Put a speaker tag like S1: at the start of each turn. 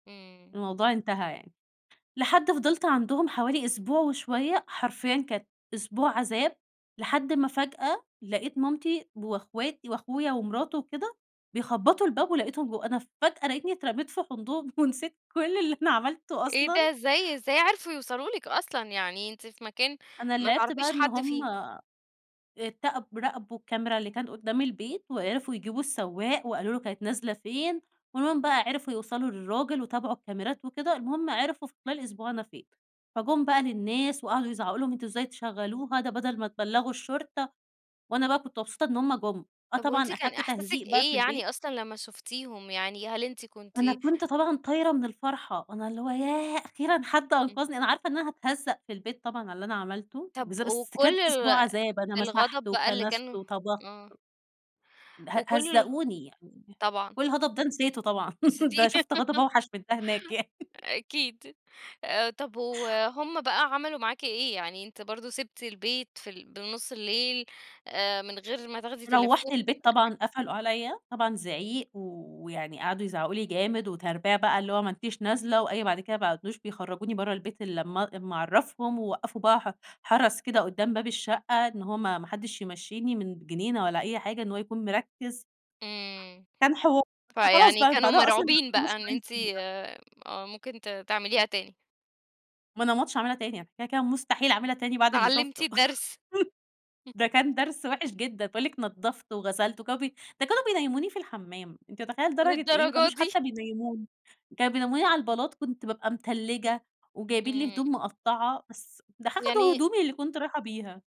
S1: امم.
S2: الموضوع انتهى يعني. لحد فضلت عندهم حوالي أسبوع وشوية، حرفيًا كانت أسبوع عذاب، لحد ما فجأة لقيت مامتي وإخواتي وأخويا ومراته وكده بيخبطوا الباب، ولقيتهم ب أنا فجأة لقيتني اترميت في حضنهم ونسيت كل اللي أنا عملته
S1: إيه ده!
S2: أصلًا.
S1: إزاي؟ إزاي عرفوا يوصلوا لِك أصلًا؟ يعني أنتِ في مكان
S2: أنا
S1: ما
S2: اللي عرفته
S1: تعرفيش
S2: بقى إن
S1: حد
S2: هُم
S1: فيه.
S2: اتقب راقبوا الكاميرا اللي كانت قدام البيت، وعرفوا يجيبوا السواق وقالوا له: "كانت نازلة فين؟" ومنه بقى عرفوا يوصلوا للراجل وتابعوا الكاميرات وكده، المهم عرفوا في خلال أسبوع أنا فين. فجم بقى للناس وقعدوا يزعقوا لهم "أنتم إزاي تشغلوها؟ ده بدل ما تبلغوا الشرطة." وأنا بقى كنت مبسوطة إن هُم جُم، آه،
S1: طَب وأنتِ
S2: طبعًا
S1: كان
S2: أخدت
S1: إحساسِك
S2: تهزيق بقى
S1: إيه
S2: في البيت.
S1: يعني أصلًا لما شفتيهم يعني؟ هل أنتِ كنتِ
S2: أنا كنت طبعًا طايرة من الفرحة، أنا اللي هو ياه! أخيرًا حد
S1: امم.
S2: أنقذني، أنا عارفة إن أنا هاتهزق في البيت طبعًا على اللي أنا عملته
S1: طَب
S2: بالذا بس
S1: وكل
S2: كانت أسبوع
S1: ال
S2: عذاب، أنا مسحت
S1: الغضب بقى اللي
S2: وكنست
S1: كانوا
S2: وطبخت.
S1: آه.
S2: ده ه
S1: وكل الغ
S2: هَزَّقوني يعني،
S1: طبعًا.
S2: والغضب ده نسيته طبعًا،
S1: بس
S2: ده
S1: دي
S2: شُفت غضب أوحش من ده هناك يعني.
S1: أكيد، آآ، طَب وهُم بقى عملوا معاكِ إيه؟ يعني أنتِ برضو سبتِ البيت في ال بنُص الليل، آآ من غير ما تاخدي
S2: روّحت
S1: تليفون
S2: البيت
S1: [unintelligible]
S2: طبعًا، قفلوا عليا، طبعًا زعيق ويعني قعدوا يزعقوا لي جامد، وتربية بقى، اللي هو ما أنتِش نازلة، وأي بعد كده ما بقوش بيخرجوني برّا البيت إلا لمّا إلا ما أعرفهم، ووقفوا بقى ح حرس كده قدام باب الشقة، إن هو ما ما حدش يمشيني من جنينة والا أي حاجة، إن هو يكون مركّز.
S1: امم،
S2: كان حوار، بس خلاص
S1: فيعني
S2: بقى من
S1: كانوا
S2: بعدها أصلًا ما
S1: مرعوبين
S2: بقاش
S1: بقى
S2: فارق
S1: إن
S2: معاهم
S1: أنتِ
S2: الحمد لله.
S1: آه ممكن ت تعمليها تاني؟
S2: ما أنا ما عدتش هاعملها تاني، كده، كده مستحيل أعملها تاني بعد اللي
S1: اتعلمتِ
S2: شُفته،
S1: الدرس.
S2: ده كان درس وحش جدًا. باقول لِك نضفت وغسلت، و كانوا بي ده كانوا بينيموني في الحمام! أنتِ متخيلة لدرجة إيه؟ ما
S1: للدرجة
S2: كانوش
S1: دي؟!
S2: حتى بينيموني، كانوا بينيموني على البلاط، كنت بابقى متلجة، وجايبين لي
S1: امم.
S2: هدوم مقطعة، بس ده ح أخدوا
S1: يعني
S2: هدومي اللي كنت رايحة بيها.